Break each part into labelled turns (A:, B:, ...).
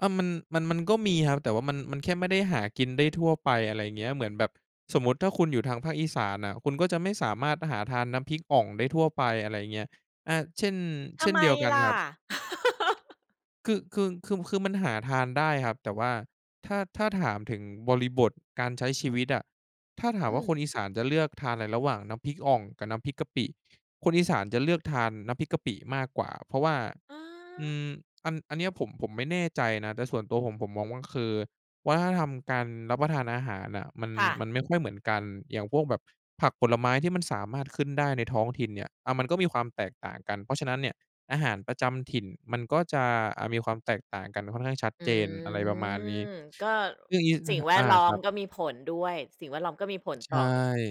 A: อา มัน มัน มันก็มีครับ แต่ว่ามัน มันแค่ไม่ได้หากินได้ทั่วไป อะไรเงี้ย เหมือนแบบสมมติถ้าคุณอยู่ทางภาคอีสานน่ะ คุณก็จะไม่สามารถหาทานน้ำพริกอ่องได้ทั่วไป อะไรอย่างเงี้ย อ่า เช่น
B: ท
A: เช
B: ำ
A: ่น
B: ไม
A: เดียวกัน
B: ล่
A: ค
B: ะ?
A: รับ คือ คือ คือ คือมันหาทานได้ครับ แต่ว่าถ้า ถ้าถามถึงบริบทการใช้ชีวิตอะ ถ้าถา
B: อ
A: ม
B: ื
A: ว่าค
B: ม
A: นอีสานจะเลือกทานอะไรระหว่างน้ำพริกอ่องกับน้ำพริกกะปิ? คนอีสานจะเลือกทานน้ำพริกกะปิมากกว่า เพราะว่า
B: อ
A: อื
B: า
A: ม อัน อันนี้อะผม ผมไม่แน่ใจนะ แต่ส่วนตัวผม ผมมองว่า มันคือวัฒนธรรมการรับประทานอาหารน่ะ มัน
B: ค่ะ
A: มันไม่ค่อยเหมือนกัน อย่างพวกแบบผักผลไม้ที่มันสามารถขึ้นได้ในท้องถิ่นเนี่ย อ่า มันก็มีความแตกต่างกัน เพราะฉะนั้นเนี่ยอาหารประจำถิ่นมันก็จะ อะ มีความแตกต่างกันค่อนข้างชัด
B: อื
A: เจน อะไรประมาณนี้
B: ม ก็
A: เรื่องงี้
B: ส
A: น
B: ิ่
A: ะ
B: ง
A: ครับ
B: แว
A: อ
B: ด
A: า
B: ล้อ
A: ค
B: ม
A: รับ
B: ก็มีผลด้วย สิ่งแวดล้อมก็มีผล
A: ใ
B: ต
A: ช
B: ่อ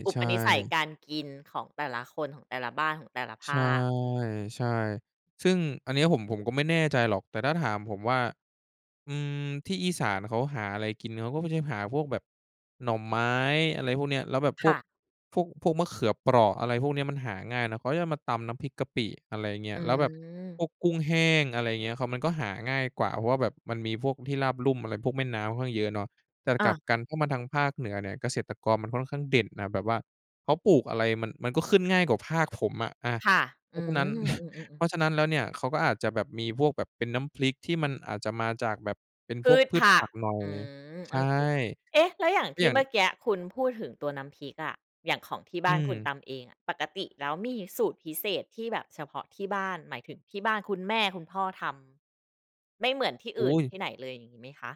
B: อุป
A: ่
B: นิสัย
A: ๆ
B: การกินของแต่ละคน ของแต่ละบ้าน ของแต่ละภ
A: ใช่
B: าค อืม
A: ใช่ ซึ่งอันนี้อะ ผม ผมก็ไม่แน่ใจหรอก แต่ถ้าถามผมว่า อืม ที่อีสานเขาหาอะไรกินเขาก็ไม่ใช่หาพวกแบบหน่อไม้ อะไรพวกเนี้ย แล้วแบบ
B: ค
A: พว
B: ่
A: ก
B: ะ
A: พวก พวกมะเขือเปราะ อะไรพวกเนี้ย มันหาง่ายนะ เขาจะเอามาตำน้ำพริกกะปิ อะไรเงี้
B: อ
A: ย
B: ื
A: แล้วแบบพ
B: ม
A: วกกุ้งแห้ง อะไรเงี้ย เขา มันก็หาง่ายกว่า เพราะว่าแบบมันมีพวกที่ราบลุ่มอะไร พวกแม่น้ำค่อนข้างเยอะเนาะ แต่
B: อ
A: กลับ
B: า
A: กันถ้ามาทางภาคเหนือเนี่ย เกษตรกรมันค่อนข้างเด่นน่ะ แบบว่าเขาปลูกอะไรมัน มันก็ขึ้นง่ายกว่าภาคผมอะ อา
B: ค่ะ
A: เพ
B: อื
A: ราะฉะนั้น
B: ม อืม
A: เ
B: ๆ
A: พ
B: ๆ
A: ราะฉะนั้นแล้วเนี่ย เขาก็อาจจะแบบมีพวกแบบเป็นน้ำพริก ที่มันอาจจะมาจากแบบเป็น
B: พ
A: พ
B: ื
A: วก
B: ช
A: พื
B: ผ
A: ช
B: ั
A: ผ
B: ก
A: ักหน่อย
B: อืม
A: ใช
B: โอ
A: ่
B: เค เอ๊ะ แล้วอย่าง
A: ก็
B: ที
A: อย
B: ่
A: ่า
B: เ
A: ง
B: มื่อกี้คุณพูดถึงตัวน้ำพริกอะ อย่างของที่บ
A: อ
B: ้
A: ื
B: านค
A: ม
B: ุณตำเองอะ ปกติแล้วมีสูตรพิเศษที่แบบเฉพาะที่บ้าน หมายถึงที่บ้านคุณแม่คุณพ่อทำ ไม่เหมือนที่อ
A: อ
B: ื่
A: ุ
B: น
A: ๊ย
B: ที่ไหนเลยอย่างงี้ไหมคะ?